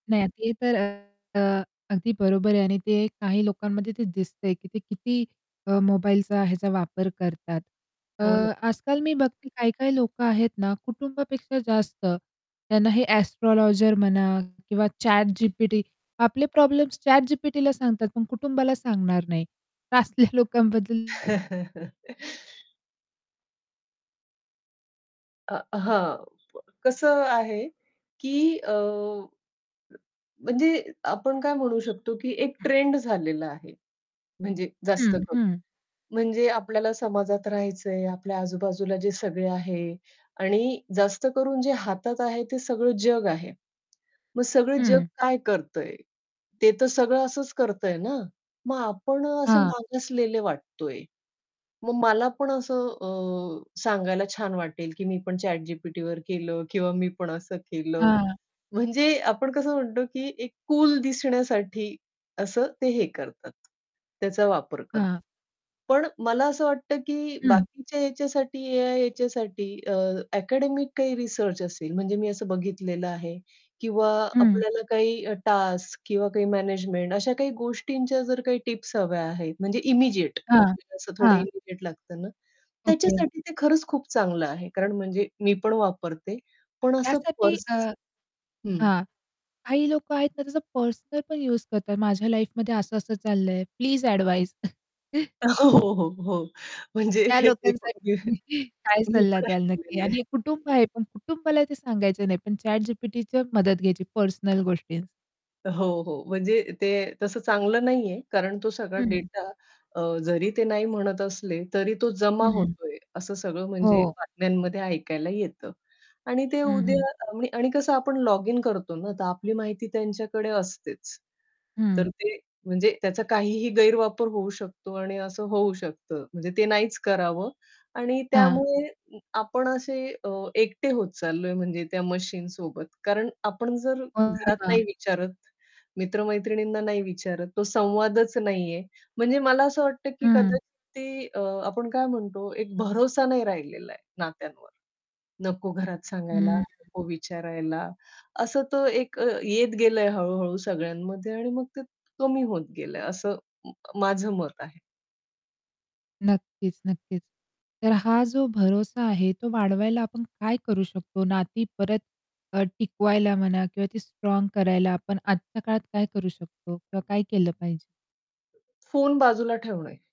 नाही ते तर अ, अ, अगदी बरोबर आहे आणि ते काही लोकांमध्ये ते दिसतंय की ते किती अ, मोबाईलचा ह्याचा वापर करतात. अ, हो ना. आजकाल मी बघते काही-काही लोकं आहेत ना कुटुंबापेक्षा जास्त त्यांना हे एस्ट्रोलॉजर म्हणा किंवा ChatGPT. आपले प्रॉब्लेम्स ChatGPTला सांगतात पण कुटुंबाला सांगणार नाही. तर असल्या लोकांबद्दल अ, हां, कसं आहे की अ म्हणजे आपण काय म्हणू शकतो की एक हं. ट्रेंड झालेला आहे. म्हणजे जास्त हं, करून, हं. म्हणजे आपल्याला समाजात राहायचंय, आपल्या आजूबाजूला जे सगळे आहे आणि जास्त करून जे हातात आहे, ते सगळं जग आहे. मग सगळं जग हं. काय करतंय? ते तर सगळं असंच करतंय ना? मग आपण असे हां. मागासलेले वाटतोय. मग मला पण असं अ, सांगायला छान वाटेल की मी पण ChatGPTवर केलं किंवा मी पण असं केलं. हां. म्हणजे आपण कसं म्हणतो की एक कूल दिसण्यासाठी असं ते हे करतात. त्याचा वापर करतात. हां. पण मला असं वाटतं की हं. बाकीच्या याच्यासाठी या याच्यासाठी अ, अकॅडेमिक काही रिसर्च असेल म्हणजे मी असं बघितलेलं आहे किंवा हं. आपल्याला काही टास्क किंवा काही मॅनेजमेंट. अशा काही गोष्टींच्या जर काही टिप्स हव्या आहेत, म्हणजे इमिडिएट हां, आपल्याला असं थोडं हां. इमिडिएट लागतं ना ओके. त्याच्यासाठी ते खरंच खूप चांगलं आहे. कारण म्हणजे मी पण वापरते. पण असं त्यासाठी अ, पर्स हं. हां, काही लोकं आहेत ना त्याचा पर्सनल पण युज करतात माझ्या लाईफमध्ये असं असं चाललंय. Please advise. अ, हो, हो, हो. म्हणजे त्या लोकांसाठी तुम्ही काय [unintelligible] मी सल्ला पण द्याल नक्की ऐकलेलं आहे. आणि कुटुंब आहे पण कुटुंबाला ते सांगायचं नाही, पण ChatGPTच्या मदत घ्यायची पर्सनल गोष्टी हो, हो. म्हणजे ते तसं चांगलं नाहीये कारण तो सगळा हं, हं. डेटा अ, जरी ते नाही म्हणत असले, तरी तो जमा हं. हं. होतोय, असं सगळं म्हणजे हो. बातम्यांमध्ये ऐकायला येतं. आणि ते हं, हं. उद्या आणि कसं आपण लॉगिन करतो ना, तर आपली माहिती त्यांच्याकडे असतेच. तर हं. ते म्हणजे त्याचा काहीही गैरवापर होऊ शकतो आणि असं होऊ शकतं. म्हणजे ते नाहीच करावं आणि हां. त्यामुळे आपण असे अ, एकटे होत चाललोय म्हणजे त्या मशीनसोबत. कारण आपण जर घरात नाही [unintelligible] विचारत, मित्र-मैत्रिणींना नाही विचारत, तो संवादच नाहीये. म्हणजे मला असं वाटतं की हं. कदाचित ते अ, आपण काय म्हणतो, एक भरोसा नाही राहिलेला आहे नात्यांवर. नको घरात सांगायला, हं. नको विचारायला, असं तर एक येत गेलंय हळू-हळू सगळ्यांमध्ये आणि मग ते कमी होत गेलंय असं म माझं मत आहे. नक्कीच, नक्कीच. तर हा जो भरोसा आहे तो वाढवायला आपण काय करू शकतो? नाती परत अ, टिकवायला म्हणा किंवा ती स्ट्राँग करायला आपण आजच्या काळात काय करू शकतो किंवा काय केलं पाहिजे? फोन बाजूला ठेवणे.